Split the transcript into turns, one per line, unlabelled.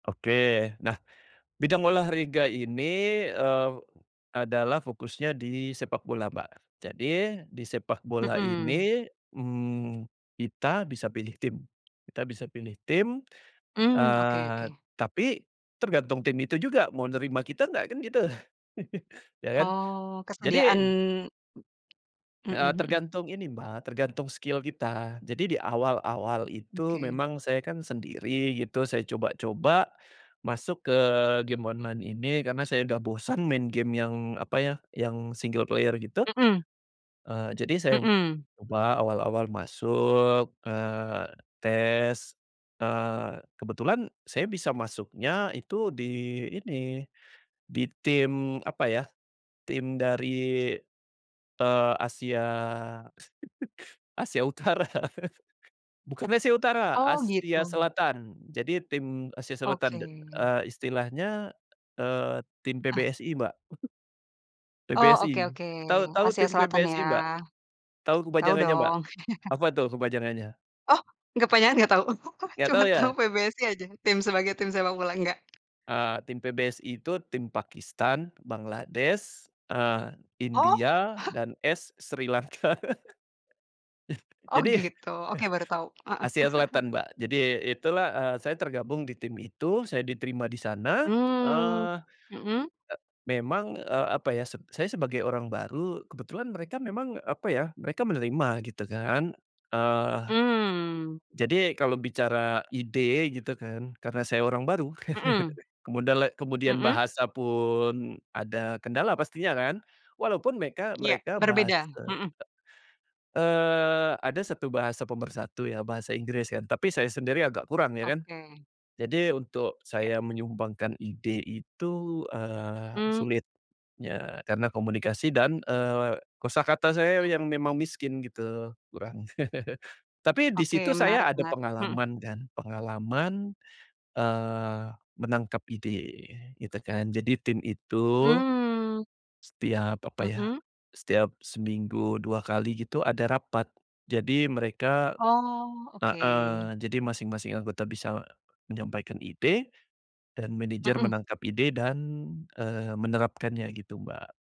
Oke, nah bidang olahraga ini eee, adalah fokusnya di sepakbola Mbak, jadi di sepakbola
Mhm.
ini mmm, kita bisa pilih tim, kita bisa pilih tim,
Hmm, oke,
eee,
oke.
tapi tergantung tim itu juga mau nerima kita enggak kan gitu ya kan?
Oh, kesediaan.
jadi Eee,
Heeh.
tergantung ini Mbka, tergantung skill kita, jadi di awal-awal itu
Oke.
memang saya kan sendiri gitu, saya coba-coba masuk ke game online ini karena saya udah bosan main game yang apa ya, yang single player gitu,
Heeh.
eee, jadi saya
Hmm.
ubah awal-awal masuk, eee, tes, eee, kebetulan saya bisa masuknya itu di ini, di tim apa ya, tim dari, eee, Asia, Asia Utara. Bukan Asia Utara,
Oh,
Asia
gitu.
Selatan. Jadi tim Asia Selatan,
Oke.
eee, istilahnya eee, tim
Eh.
PBSI, Mbak.
Oh, oke
PBSI,
oke.
tahu, tahu
Asia
tim
Selatan ya?
PBSI Mbak? Tahu
Tau
kepanjangannya, Mbak?
dong.
Apa tuh kepanjangannya?
Oh kepanjangannya enggak tau
Enggak
cuma
tahu
tau
ya?
PBSI aja, sebagai tim sepakbola enggak?
Eee, Tim PBSI itu tim Pakistan, Bangladesh, eee,
Oh.
India, dan S Sri Lanka,
Oh
jadi,
gitu, oke baru tau, heeh.
Asia Selatan Mbak. Jadi, itulah eee, saya tergabung di tim itu, saya diterima di sana,
Hmm,
eee,
heeh.
memang, eee, apa ya, saya sebagai orang baru, kebetulan mereka memang apa ya, mereka menerima gitu kan, eee,
Mmm.
jadi kalau bicara ide gitu kan, karena saya orang baru,
Hmm.
kemudala kemudian
Heeh.
bahasa pun ada kendala pastinya kan, walaupun meka
Iya
mereka bahas
berbeda, heeh.
eee, ada satu bahasa pemersatu ya bahasa Inggris kan tapi saya sendiri agak kurang ya kan,
Oke.
jadi untuk
Iya.
saya menyumbangkan ide itu eee,
Hmm.
sulit ya karena komunikasi dan eee, kosakata saya yang memang miskin gitu, kurang tapi disitu
Oke menarik,
saya ada
menarik, hmm.
pengalaman kan, pengalaman eee, menangkap ide gitu kan jadi tim itu,
Hmm.
setiap apa ya,
Hmm.
setiap seminggu 2 kali gitu ada rapat jadi mereka
Oh, oke.
heeh, jadi masing-masing anggota bisa menyampaikan ide dan manajer
Hmm.
menangkap ide dan eee, menerapkannya gitu, Mbak.